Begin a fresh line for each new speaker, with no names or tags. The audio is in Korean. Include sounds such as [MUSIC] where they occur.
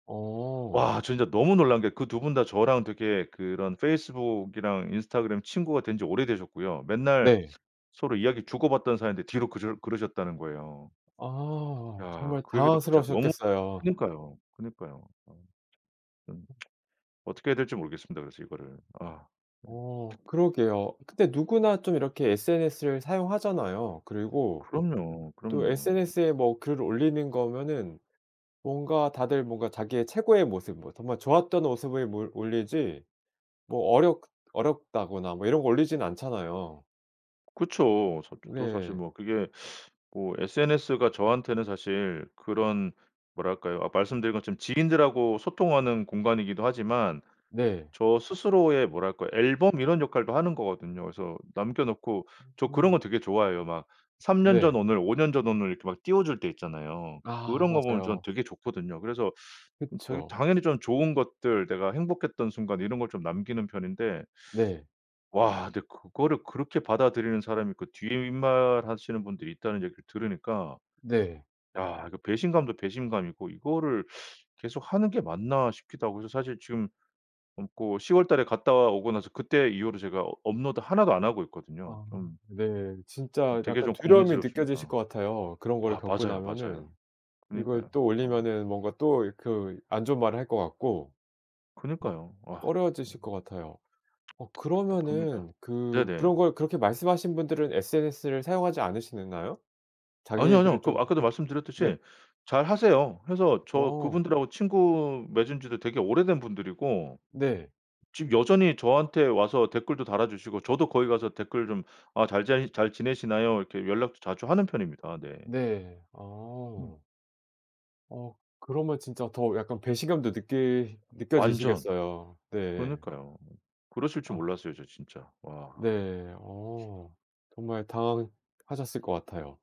어.
와. 진짜 너무 놀란 게 그 2 분 다 저랑 되게 그런 페이스북이랑 인스타그램 친구가 된 지 오래되셨고요. 맨날
네.
서로 이야기 주고받던 사이인데 뒤로 그러 그러셨다는 거예요.
아.
야.
정말
그 얘기 듣고 진짜 너무
당황스러우셨겠어요.
그니까요, 그니까요. 어. [TSK] 음. [TSK] 어떻게 해야 될지 모르겠습니다, 그래서 이거를. 아. 예.
어 그러게요. 근데 누구나 좀 이렇게 SNS를 사용하잖아요. 그리고
그럼요.
또
그럼요.
SNS에 뭐 글을 올리는 거면은 뭔가 다들 뭔가 자기의 최고의 모습 뭐 정말 좋았던 모습을 몰 올리지 뭐 어렵 어렵다거나 뭐 이런 거 올리지는 않잖아요.
그쵸. 저 도 사실
네.
뭐 그게 뭐 SNS가 저한테는 사실 그런 뭐랄까요 아 말씀드린 것처럼 지인들하고 소통하는 공간이기도 하지만
네.
저 스스로의 뭐랄까 앨범 이런 역할도 하는 거거든요. 그래서 남겨 놓고 저 그런
어.
거 되게 좋아해요. 막 3 년
네.
전 오늘, 5 년 전 오늘 이렇게 막 띄워줄 때 있잖아요.
아
그런 거 보면 저는
맞아요.
되게 좋거든요. 그래서 음 되게
그쵸.
당연히 저는 좋은 것들 내가 행복했던 순간 이런 걸 좀 남기는 편인데
네.
와 근데 그거를 그렇게 받아들이는 사람이 있고 뒷말하시는 분들이 있다는 얘기를 들으니까
네.
야 이거 배신감도 배신감이고 '이거를 계속하는 게 맞나.' 싶기도 하고 그래서 사실 지금 어 그 10 월 달에 갔다 오고 나서 그때 이후로 제가 어 업로드 1 도 안 하고 있거든요.
아
좀
네.
음
진짜
되게
약간
좀
두려움이 느껴지실
고민스럽습니다.
것 같아요, 그런 거를
아
겪고
맞아요, 맞아요.
나면은. 이걸
그니까요.
또
어.
올리면은 뭔가 또 그 안 좋은 말을 할 것 같고 막
그니까요. 아. 예.
꺼려지실
[TSK]
것 같아요. 어
답답합니다.
그러면은 그
네네.
그런 걸 그렇게 말씀하신 분들은 SNS를 사용하지 않으시는가요?
아뇨, 아뇨.
자기들은
그
좀
아까도
네.
말씀드렸듯이 잘하세요. 그래서 저
어.
그분들 하고 친구 맺은 지도 되게 오래된 분들이고
네.
지금 여전히 저한테 와서 댓글도 달아 주시고 저도 거기 가서 댓글 좀 아 잘 잘 "잘 지내시나요?" 이렇게 연락도 자주 하는 편입니다. 네.
네.
음.
어. 어 그러면 진짜 더 약간 배신감도 느끼
완전.
느껴지시겠어요. 네.
그니까요. 그러실 줄
어.
몰랐어요, 저 진짜. 와.
네. 어 정말 당황하셨을 것 같아요.